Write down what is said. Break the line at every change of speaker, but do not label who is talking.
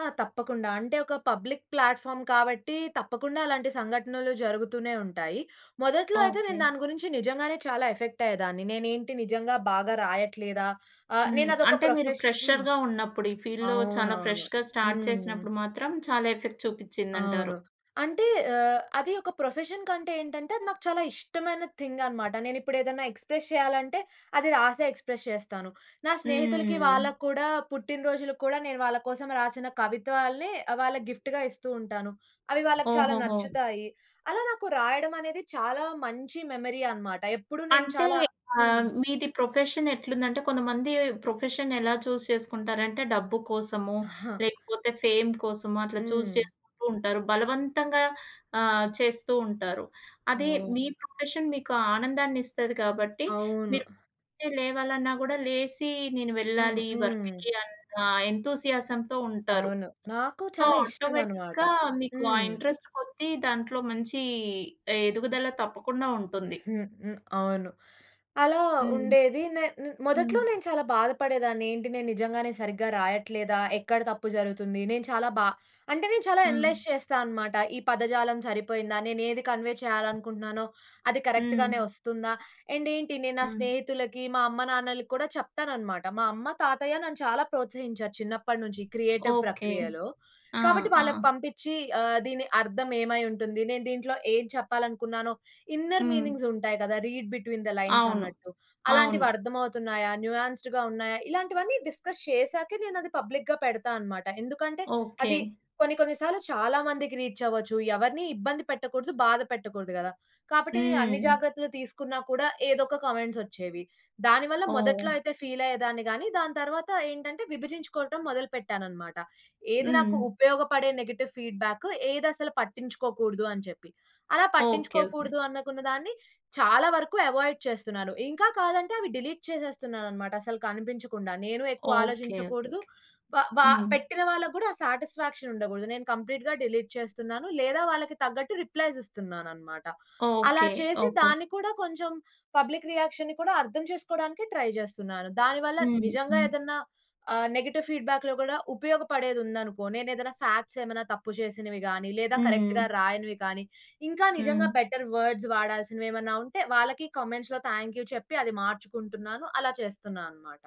ఆ! తప్పకుండ. అంటే, ఒక పబ్లిక్ ప్లాట్‌ఫార్మ్ కాబట్టి, తప్పకుండా అలాంటి సంఘటనలు జరుగుతూనే ఉంటాయి. మొదట్లో అయితే నేను
ఓకే.
దాని గురించి నిజంగానే చాలా ఎఫెక్ట్ అయ్యేదాన్ని. నేనేంటి నిజంగా బాగా రాయట్లేదా? ఆహ్,
హ్మ్.
నేను అదొక
అంటే మీరు
ప్రొఫెషన్ హ్మ్.
ఫ్రెషర్‌గా ఉన్నప్పుడు, ఈ ఫీల్డ్‌లో చాలా
అవునవును.
ఫ్రెష్‌గా స్టార్ట్
హ్మ్.
చేసినప్పుడు మాత్రం, చాలా ఎఫెక్ట్
అవును.
చూపిచ్చిందంటారు?
అంటే ఆహ్, అది ఒక ప్రొఫెషన్ కంటే ఏంటంటే, అది నాకు చాలా ఇష్టమైన థింగ్ అనమాట. నేను ఇప్పుడు ఏదైనా ఎక్స్‌ప్రెస్ చేయాలంటే, అది రాసే ఎక్స్‌ప్రస్ చేస్తాను. నా స్నేహితులకి
హ్మ్.
వాళ్ళకి కూడా పుట్టినరోజులకు కూడా నేను వాళ్ళ కోసం రాసిన కవిత్వాల్ని, వాళ్ళకి గిఫ్ట్‌గా ఇస్తూ ఉంటాను. అవి వాళ్ళకి చాలా
ఓహోహో!
నచ్చుతాయి. అలా నాకు రాయడమనేది చాలా మంచి మెమరీ అనమాట. ఎప్పుడూ నేను
అంటే,
చాలా హ్మ్.
ఆహ్, మీది ప్రొఫెషన్ ఎట్లుందంటే, కొంతమంది ప్రొఫెషన్ ఎలా చూజ్ చేసుకుంటారంటే, డబ్బు కోసమో, లేకపోతే ఫేమ్ కోసమో అట్లా చూజ్
హ్మ్.
చేసుకుంటూ ఉంటారు బలవంతంగా ఆహ్, చేస్తూ ఉంటారు. అదే
ఓహ్!
మీ ప్రొఫెషన్ మీకు ఆనందాన్నిస్తది కాబట్టి,
అవును.
మీరు లేవాలన్నా కూడా లేసి నేను
హ్మ్,
వెళ్ళాలి
హ్మ్.
వర్క్‌కి అన్న ఎంతూసియాజంతో ఉంటారు.
అవును. నాకు
సో,
చాలా ఇష్టమన్నమాట.
ఆటోమేటిక్‌గా మీకు ఆ
హ్మ్.
ఇంట్రెస్ట్ కొద్దీ, దాంట్లో మంచి ఎదుగుదల తప్పకుండా ఉంటుంది.
హ్మ్. హ్మ్. అవును. అలా
హ్మ్.
ఉండేది నే హ్మ్. ను మొదట్లో
హ్మ్.
నేను చాలా బాధ పడేదాన్ని. ఏంటి నేను నిజంగానే సరిగ్గా రాయట్లేదా? ఎక్కడ తప్పు జరుగుతుంది? నేను చాలా బా అంటే నేను చాలా
హ్మ్.
అనలైజ్ చేస్తానన్నమాట. ఈ పదజాలం సరిపోయిందా? నేనేది కన్వే చేయాలనుకుంటున్నానో, అది
హ్మ్.
కరెక్ట్‌గానే వస్తుందా? అండ్ ఏంటి నేను నా
హ్మ్.
స్నేహితులకి, మా అమ్మ నాన్నలకి కూడా చెప్తానన్నమాట. మా అమ్మ, తాతయ్య నన్ను చాలా ప్రోత్సహించారు చిన్నప్పటినుంచి క్రియేటివ్
ఓకే.
ప్రక్రియలో.
ఆ!
కాబట్టి
ఆ!
వాళ్ళకి పంపిచ్చి ఆహ్, దీని అర్థం ఏమై ఉంటుంది? నేను దీంట్లో ఏం చెప్పాలనుకున్నానో ఇన్నర్
హ్మ్.
మీనింగ్స్ ఉంటాయి కదా! రీడ్ బిట్వీన్ థ్ లైన్స్
అవును.
అన్నట్టు, అలాంటివి
అవును.
అర్థం అవుతున్నాయా, న్యూయాస్ద్‌గా ఉన్నాయా? ఇలాంటివన్నీ డిస్కస్ చేసాకే నేనది పబ్లిక్‌గా పెడతానన్నమాట. ఎందుకంటే,
ఓకే.
అది కొన్ని కొన్ని సార్లు చాలా మందికి రీచ్ అవ్వచ్చు. ఎవరిని ఇబ్బంది పెట్టకూడదు, బాధ పెట్టకూడదు గదా! కాబట్టి నేను అన్ని
హ్మ్.
జాగ్రత్తలు తీసుకున్నా కూడా, ఏదో ఒక కామెంట్స్ ఒచ్చేవి. దాని వల్ల మొదట్లో
ఓహ్!
అయితే ఫీల్ అయ్యేదాన్ని గాని, తరువాత ఏంటంటే విభజించుకోవడం మొదలు పెట్టానన్నమాట. ఏది నాకు
హ్మ్.
ఉపయోగపడే నెగెటివ్ ఫీడ్‌బ్యాకు? ఏదసలు పట్టించుకోకూడదు అని చెప్పి. అలా
ఓకే. ఓకే.
పట్టించుకోకూడదనుకున్న దాన్ని చాలా వరకు అవాయిడ్ చేస్తున్నాను. ఇంకా కాదంటే అవి డిలీట్ చేసేస్తున్నానన్నమాట, అసలు కనిపించకుండా. నేను ఎక్కువ
ఓకే. ఓకే,
ఆలోచించకూడదు.
ఓకే.
వ వ
హ్మ్.
పెట్టిన వాళ్ళకి కూడా ఆ సాటిస్ఫాక్షన్ ఉండకూడదు. నేను కంప్లీట్‌గా డిలీట్ చేస్తున్నాను. లేదా వాళ్ళకి తగ్గట్టు రిప్లైస్ ఇస్తున్నానన్నమాట. అలా
ఓకే.
చేసి
ఓకే.
దాన్ని కూడా కొంచెం పబ్లిక్ రియాక్షన్‌ని కూడా అర్థం చేసుకోవడానికి ట్రై జేస్తున్నాను. దానివల్ల
హ్మ్.
నిజంగా
హ్మ్.
ఏదన్న ఆహ్, నెగెటివ్ ఫీడ్‌బ్యాక్‌‌లో కూడా ఉపయోగపడేది ఉందనుకో, నేనేదైనా ఫాక్ట్స్ ఏమైనా తప్పు చేసినవి గాని, లేదా కరెక్ట్‌గా
హ్మ్.
రాయనివి కానీ, ఇంకా నిజంగా
హ్మ్.
బెటర్ వర్డ్స్ వాడాల్సినవేమైనా ఉంటే వాళ్ళకి కామెంట్స్‌లో థాంక్ యూ చెప్పి అది మార్చుకుంటున్నాను, అలా చేస్తున్నా అన్నమాట.